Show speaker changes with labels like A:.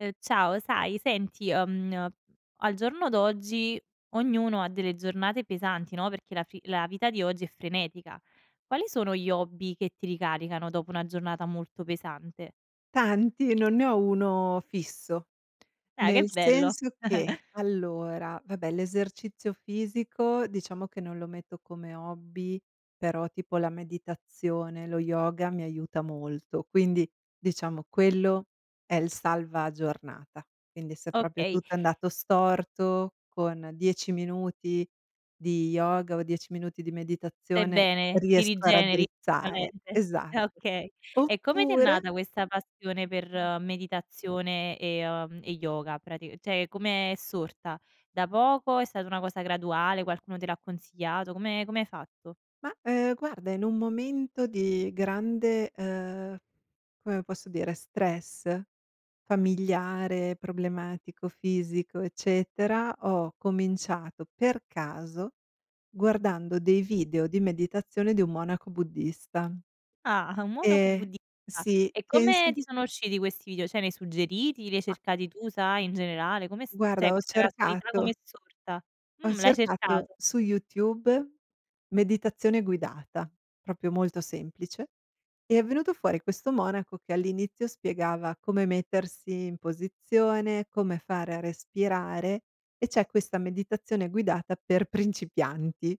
A: Uhm, ciao. Sai senti, uhm, n al giorno d'oggi, ognuno ha delle giornate pesanti, no, perché la fi la vita di oggi è frenetica. Quali sono gli hobby che ti ricaricano, dopo una giornata molto pesante?
B: Tanti, non ne ho 1 fisso.
A: Dai, che
B: Nel
A: bello!
B: senso che, allora, vabbè, l'esercizio fisico, diciamo che non lo metto come hobby, però tipo la meditazione, lo yoga mi aiuta molto. Quindi, diciamo, quello è il salva giornata. Quindi, se proprio
A: Okay.
B: tutto è andato storto, con 10 minuti di yoga o 10 minuti di
A: Stai
B: meditazione,
A: bene. Ti
B: riesco a
A: rigeneri la
B: raddrizzare.
A: mente.
B: Esatto.
A: Ah, okay. E come ti è
B: Oppure
A: nata, questa passione per
B: Mh.
A: meditazione e, uhm, e yoga, prati cioè com' è sorta? Da poco? È stata una cosa graduale? Qualcuno te l'ha consigliato? Come come hai fatto?
B: Mah, uhm, guarda, in un momento di grande uhm, come posso dire, stress, familiare, problematico, fisico, eccetera, ho cominciato per caso, guardando dei video di meditazione di un monaco buddista.
A: Ah! Un monaco
B: Ehm,
A: buddista.
B: sì,
A: E
B: penso
A: come ti sono usciti questi video? Cioè nei suggeriti? Li hai
B: A
A: cercati tu, sai, in generale? Come è s cioè
B: Guarda, ho
A: questa casualità com'è
B: cercato
A: sorta?
B: ho
A: Mh, l'hai
B: cercato
A: cercato.
B: su YouTube: "meditazione guidata", proprio molto semplice. È venuto fuori questo monaco, che all'inizio spiegava come mettersi in posizione, come fare a respirare e c'è questa meditazione guidata per principianti.